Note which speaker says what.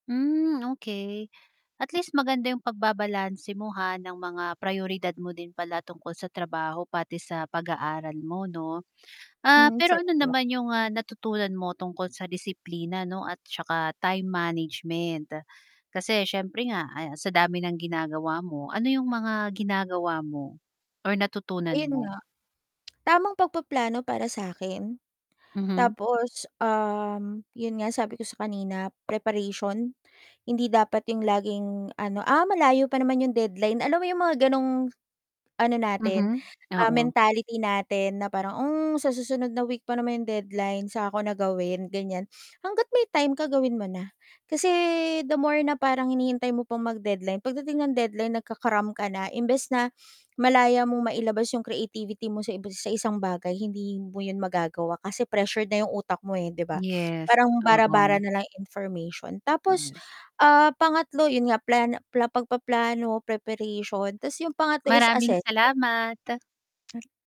Speaker 1: Hmm, okey at least maganda 'yong pagbabalanse mo, ha, ng mga prayoridad mo din pala tungkol sa trabaho pati sa pag-aaral mo, 'no. Ah,
Speaker 2: Hmm.
Speaker 1: pero ano
Speaker 2: [unintelligible]
Speaker 1: naman 'yong, ah, natutunan mo tungkol sa disiplina, 'no, at saka time management? Kasi siyempre nga, ah, sa dami ng ginagawa mo ano 'yong mga ginagawa mo or natutunan
Speaker 2: Ayun
Speaker 1: mo?
Speaker 2: nga. Tamang pagpaplano para sa 'kin
Speaker 1: Mhm.
Speaker 2: tapos, um, 'yon nga sabi ko sa kanina, preparation. Hindi dapat 'yong laging, ano, "Ah, malayo pa naman yung deadline." Alam mo 'yon mga gano'ng ano natin,
Speaker 1: Mhm,
Speaker 2: ah,
Speaker 1: oo.
Speaker 2: mentality natin na parang, "Oh, sa susunod na week pa naman 'yong deadline. Saka ko na gawin." Ganiyan. Hangga't may time ka gawin mo na. Kasi the more na parang hinihintay mo pang mag-deadline pagdating ng deadline nagka-cram ka na. Imbes na malaya mong mailabas 'yong creativity mo sa iba sa isang bagay hindi mo yun magagawa kasi pressured na 'yong utak mo, eh, 'di ba?
Speaker 1: Yes,
Speaker 2: Parang bara-bara
Speaker 1: oo.
Speaker 2: na lang information.
Speaker 1: Hmm,
Speaker 2: Tapos,
Speaker 1: yes.
Speaker 2: ah, pangatlo, 'yon nga plano na pagpaplano, preparation. 'Tas 'yong pangatlo is
Speaker 1: Maraming
Speaker 2: assessment.
Speaker 1: salamat.